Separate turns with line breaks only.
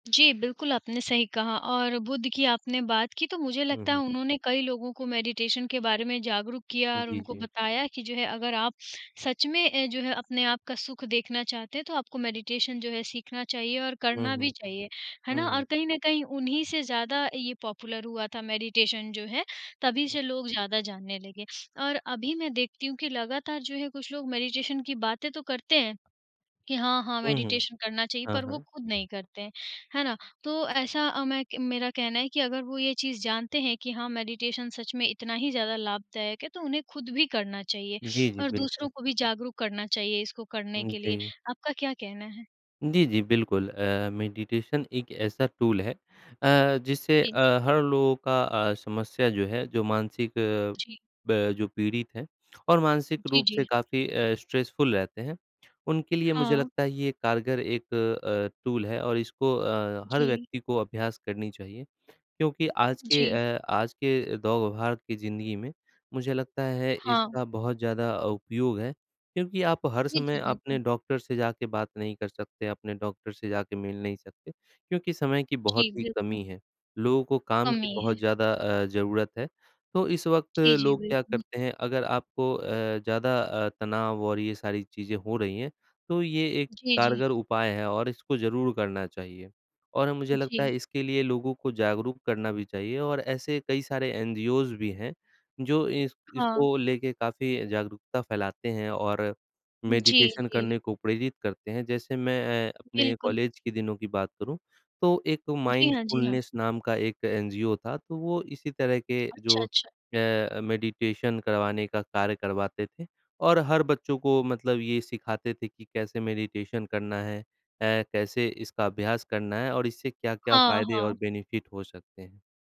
जी, बिल्कुल आपने सही कहा और बुद्ध की आपने बात की तो मुझे
हुँ,
लगता है
हुँ।
उन्होंने कई लोगों को मेडिटेशन के बारे में जागरूक किया
उ,
और
जी,
उनको
जी।
बताया कि जो है अगर आप सच में जो है अपने आप का सुख देखना चाहते हैं तो आपको मेडिटेशन जो है सीखना चाहिए और
हुँ,
करना भी
हुँ।
चाहिए है
हुँ,
ना और
हुँ।
कहीं न कहीं उन्हीं से ज़्यादा ये पॉपुलर हुआ था मेडिटेशन जो है तभी
हुँ।
से लोग ज़्यादा जानने लगे। और अभी मैं देखती हूँ कि लगातार जो है कुछ लोग मेडिटेशन की बातें तो करते हैं कि हाँ, हाँ
हुँ, हुँ।
मेडिटेशन करना चाहिए
हाँ,
पर वो
हाँ।
खुद नहीं करते हैं, है ना? तो ऐसा मैं मेरा कहना है कि अगर वो ये चीज़ जानते हैं कि हाँ मेडिटेशन सच में इतना ही ज़्यादा लाभदायक है तो उन्हें खुद भी करना चाहिए,
जी, जी,
और दूसरों
बिल्कुल।
को भी जागरूक करना चाहिए इसको करने
उ,
के लिए,
जी।
आपका क्या कहना है?
जी, जी, बिल्कुल। अ, मेडिटेशन एक ऐसा टूल है अ, जिससे
जी।
अ, हर लोगों का अ, समस्या जो है जो मानसिक अ,
जी।
ब जो पीड़ित हैं और मानसिक
जी,
रूप से
जी।
काफ़ी अ, स्ट्रेसफुल रहते हैं, उनके लिए मुझे
हाँ।
लगता है ये कारगर एक अ अ, टूल है और इसको अ, हर
जी।
व्यक्ति को अभ्यास करनी चाहिए क्योंकि आज के
जी।
अ, आज के दौड़-भाग की जिंदगी में मुझे लगता है
हाँ।
इसका बहुत ज़्यादा उपयोग है क्योंकि आप हर
जी,
समय
जी,
अपने
बिल्कुल।
डॉक्टर से जाके बात नहीं कर सकते अपने डॉक्टर से जाके मिल नहीं सकते क्योंकि समय की बहुत
जी,
ही
बिल्कुल।
कमी है। लोगों को काम की
कमी
बहुत
है।
ज़्यादा अ, ज़रूरत है। तो इस वक़्त
जी, जी,
लोग क्या
बिल्कुल।
करते हैं अगर आपको अ, ज़्यादा अ, तनाव और ये सारी चीजें हो रही हैं तो ये एक
जी, जी।
कारगर उपाय है और इसको ज़रूर करना चाहिए और मुझे लगता
जी।
है इसके लिए लोगों को जागरूक करना भी चाहिए और ऐसे कई सारे एनजीओज़ भी हैं जो इस
हाँ।
इसको लेके काफ़ी जागरूकता फैलाते हैं और
जी,
मेडिटेशन
जी।
करने को प्रेरित करते हैं। जैसे मैं अपने
बिल्कुल।
कॉलेज के दिनों की बात करूँ तो एक
जी हाँ, जी हाँ।
माइंडफुलनेस नाम का एक एनजीओ था तो वो इसी तरह के
अच्छा,
जो
अच्छा।
अ, मेडिटेशन करवाने का कार्य करवाते थे, और हर बच्चों को मतलब ये सिखाते थे कि कैसे मेडिटेशन करना है? अ, कैसे इसका अभ्यास करना है? और इससे क्या-क्या
हाँ,
फायदे और
हाँ।
बेनिफिट हो सकते हैं।